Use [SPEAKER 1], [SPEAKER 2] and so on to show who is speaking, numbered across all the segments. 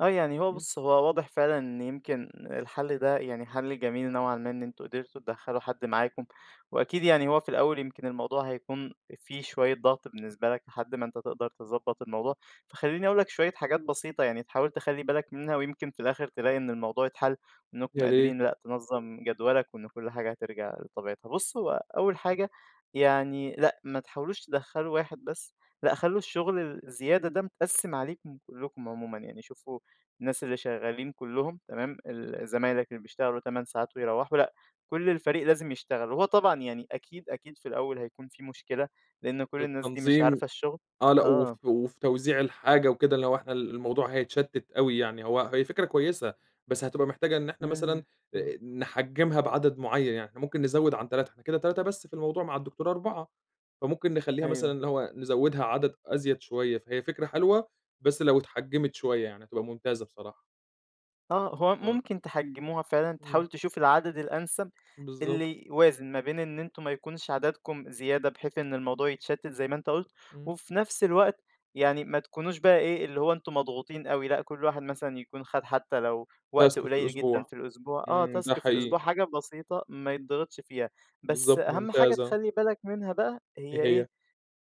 [SPEAKER 1] آه يعني هو
[SPEAKER 2] إمم.
[SPEAKER 1] بُصّ هو واضح فعلًا إن يمكن الحل ده يعني حل جميل نوعًا ما إن أنتم قدرتوا تدخّلوا حد معاكم، وأكيد يعني هو في الأول يمكن الموضوع هيكون في شوية ضغط بالنسبة لك لحد ما أنت تقدر تضبَّط الموضوع، فخلّيني أقول لك شوية حاجات بسيطة يعني تحاول تخلّي بالك منها ويمكن في الآخر تلاقي إن الموضوع يتحل، إنكم
[SPEAKER 2] يا ريت.
[SPEAKER 1] قادرين لأ تنظّم جدوَلك، وإن كلّ حاجة هترجع لطبيعتها، بُصّ هو أول حاجة يعني لأ ما تحاولوش تدخّلوا واحد بس، لأ خلّوا الشغل الزيادة ده متقسّم عليكم كلّكم عمومًا يعني، شوفوا الناس اللي شغالين كلّهم تمام، ال زمايلك اللي بيشتغلوا 8 ساعات ويروَّحوا، لأ كلّ الفريق لازم يشتغل، وهو طبعًا يعني أكيد، أكيد في الأول هيكون في مشكلة، لإن كلّ الناس دي مش
[SPEAKER 2] التنظيم،
[SPEAKER 1] عارفة الشغل،
[SPEAKER 2] آه لا
[SPEAKER 1] آه.
[SPEAKER 2] وف وفي توزيع الحاجة وكده اللي هو إحنا ال الموضوع هيتشتّت أوي يعني، هو هي فكرة كويسة، بس هتبقى محتاجة إن إحنا مثلًا،
[SPEAKER 1] إمم.
[SPEAKER 2] نحجّمها بعدد معيّن، يعني إحنا ممكن نزوِّد عن 3، إحنا كده 3 بس في الموضوع، مع الدكتورة 4، فممكن نخلّيها مثلًا
[SPEAKER 1] أيوه.
[SPEAKER 2] اللي هو نزوِّدها عدد أزيد شوية، فهي فكرة حلوة بس لو اتحجّمت شوية، يعني هتبقى ممتازة بصراحة.
[SPEAKER 1] آه، هو
[SPEAKER 2] آه.
[SPEAKER 1] ممكن تحجموها فعلًا،
[SPEAKER 2] إمم.
[SPEAKER 1] تحاول تشوف العدد الأنسب،
[SPEAKER 2] بالضبط.
[SPEAKER 1] اللي يوازن ما بين إن أنتم ما يكونش عددكم زيادة بحيث إن الموضوع يتشتت زي ما أنت قُلت،
[SPEAKER 2] إمم.
[SPEAKER 1] وفي نفْس الوقت يعني ما تكونوش بقى إيه اللي هو أنتم مضغوطين أوي، لأ كلّ واحد مثلًا يكون خَدْ حتّى لو وقت
[SPEAKER 2] Task في
[SPEAKER 1] قليّل جدًا
[SPEAKER 2] الأسبوع،
[SPEAKER 1] في الأسبوع، آه
[SPEAKER 2] إمم، ده
[SPEAKER 1] Task في الأسبوع
[SPEAKER 2] حقيقي.
[SPEAKER 1] أو حاجة بسيطة ما يتضِغِطش فيها، بس
[SPEAKER 2] بالضبط،
[SPEAKER 1] أهم حاجة
[SPEAKER 2] ممتازة.
[SPEAKER 1] تخلّي بالك منها بقى، هي
[SPEAKER 2] إيه
[SPEAKER 1] إيه؟
[SPEAKER 2] هي؟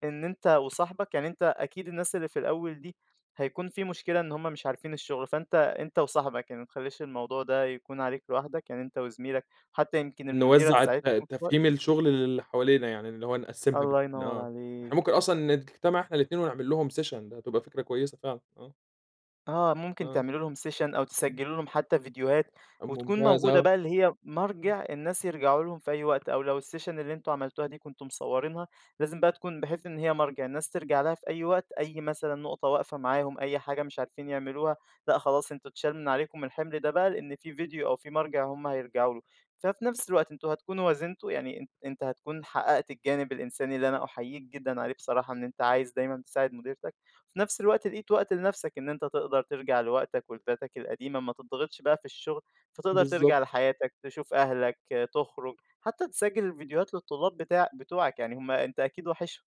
[SPEAKER 1] إن أنت وصاحبك، يعني أنت أكيد الناس اللي في الأول دي، هيكون في مشكلة إن هم مش عارفين الشغل، فأنت أنت وصاحبك، يعني ما تخلّيش الموضوع ده يكون عليك لوحدك، يعني أنت وزميلك، حتّى يمكن المديرة
[SPEAKER 2] نوزّع الت
[SPEAKER 1] تساعدكم شوية
[SPEAKER 2] تفهيم الشغل للي حوالينا، يعني اللي هو نقسّمها
[SPEAKER 1] الله
[SPEAKER 2] ب
[SPEAKER 1] ينوَّر
[SPEAKER 2] آه، إحنا
[SPEAKER 1] عليك.
[SPEAKER 2] ممكن أصلًا نجتمع إحنا الاتنين ونعملّهم session، ده هتبقى فكرة كويسة فعلًا، آه.
[SPEAKER 1] آه ممكن
[SPEAKER 2] آه،
[SPEAKER 1] تعملوا لهم session، أو
[SPEAKER 2] إمم.
[SPEAKER 1] تسجلوا لهم حتّى فيديوهات، وتكون
[SPEAKER 2] ممتاز
[SPEAKER 1] موجودة
[SPEAKER 2] آه.
[SPEAKER 1] بقى اللي هي
[SPEAKER 2] امم.
[SPEAKER 1] مَرجِع الناس يرجعوا لهم في أي وقت، أو لو الsession اللي أنتم عملتوها دي كنتم مصورينها، لازم بقى تكون بحيث إن هي مَرجِع، الناس تِرجَع لها في أي وقت، أي مثلًا نقطة واقفة معاهم أي حاجة مش عارفين يعملوها، لإ خلاص أنتم اتشال من عليكم الحمل ده بقى لأن في فيديو أو في مَرجِع هُم هيرجعوا له، ففي نفْس الوقت أنتم هتكونوا وازنتوا، يعني أن أنت هتكون حقّقت الجانب الإنساني اللي أنا أحييك جدًا عليه بصراحة إن أنت عايز دايمًا تساعد مديرتك، في نفْس الوقت لقيت وقت لنفْسك إن أنت تقدر تِرجَع لوقتك ولذاتك القديمة، ما تتضِغِطش بقى في الشغل، فتقدر
[SPEAKER 2] بالضبط.
[SPEAKER 1] تِرجَع لحياتك تشوف أهلك تُخرج، حتّى تسجّل الفيديوهات للطلاب بتاع بتوعك، يعني هُم أنت أكيد واحشهم.